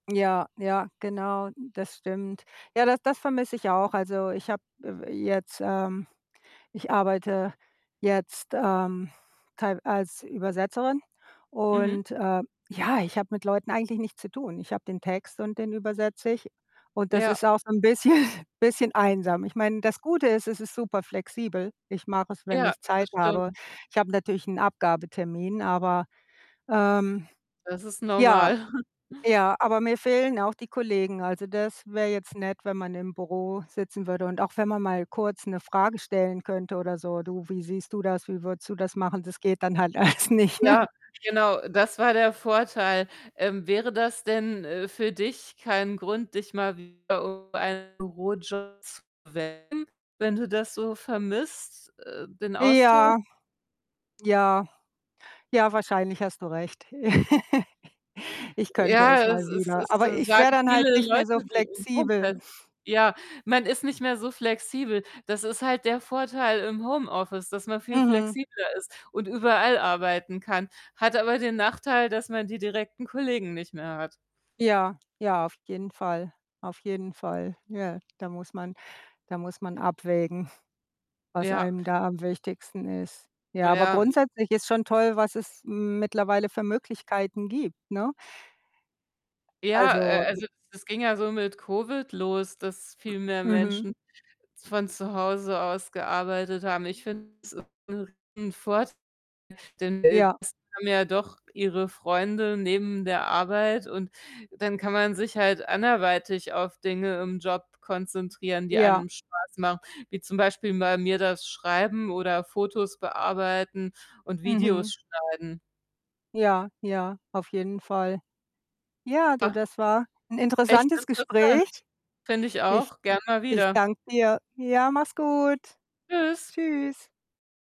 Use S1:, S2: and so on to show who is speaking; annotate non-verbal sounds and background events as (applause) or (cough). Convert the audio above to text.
S1: Ja, ja, genau, das stimmt. Ja, das das vermisse ich auch. Also, ich habe, äh, w jetzt, ähm ich arbeite jetzt, ähm, teilw als Übersetzerin
S2: Mhm.
S1: und, äh, ja, ich habe mit Leuten eigentlich nichts zu tun. Ich habe den Text und den übersetze ich und das
S2: Ja.
S1: ist auch so 'n bisschen bisschen einsam. Ich meine, das Gute ist, es ist super flexibel. Ich mache es, wenn
S2: Ja,
S1: ich
S2: das
S1: Zeit habe.
S2: stimmt.
S1: Ich habe natürlich 'n Abgabetermin, aber, ähm
S2: Das ist
S1: ja.
S2: normal. (chuckles)
S1: Ja, aber mir fehlen auch die Kollegen. Also, das wäre jetzt nett, wenn man im Büro sitzen würde und auch wenn man mal kurz 'ne Frage stellen könnte oder so: „Du, wie siehst du das? Wie würdest du das machen?“ Das geht dann halt alles nicht, ne?
S2: Ja, genau, das war der Vorteil. Ähm, wäre das denn, äh, für dich kein Grund, dich mal wieder um einen Bürojob zu bewerben, wenn du das so vermisst, äh, den Austausch?
S1: Ja, ja. Ja, wahrscheinlich hast du recht. (laughs) Ich könnte es
S2: Ja, es
S1: mal
S2: es
S1: wieder,
S2: es
S1: aber
S2: s
S1: ich wäre
S2: sagen
S1: dann halt
S2: viele
S1: nicht mehr so
S2: Leute, die im
S1: flexibel.
S2: (unintelligible) Ja, man ist nicht mehr so flexibel. Das ist halt der Vorteil im Homeoffice, dass man viel
S1: Mhm.
S2: flexibler ist und überall arbeiten kann, hat aber den Nachteil, dass man die direkten Kollegen nicht mehr hat.
S1: Ja, ja, auf jeden Fall, auf jeden Fall. Ja, da muss man da muss man abwägen, was
S2: Ja.
S1: einem da am wichtigsten ist. Ja, aber
S2: Ja, m
S1: grundsätzlich ist schon toll, was es mittlerweile für Möglichkeiten gibt, ne?
S2: Ja,
S1: Also
S2: äh,
S1: (unintelligible)
S2: also, es ging ja so mit Covid los, dass viel mehr
S1: M mhm.
S2: Menschen z von zu Hause aus gearbeitet haben. Ich finde es ist 'nen Riesenvorteil, denn, äh,
S1: Ja.
S2: das haben ja doch ihre Freunde neben der Arbeit, und dann kann man sich halt anderweitig auf Dinge im Job konzentrieren, die
S1: Ja.
S2: einem Spaß machen, wie zum Beispiel bei mir das Schreiben oder Fotos bearbeiten und
S1: Mhm.
S2: Videos schneiden.
S1: Ja, ja, auf jeden Fall. Ja, du,
S2: Ja.
S1: das war 'n
S2: Echt
S1: interessantes Gespräch.
S2: interessant. Finde ich
S1: Ich
S2: auch. Gern mal
S1: ich
S2: wieder.
S1: danke dir. Ja, mach's gut.
S2: Tschüss.
S1: Tschüss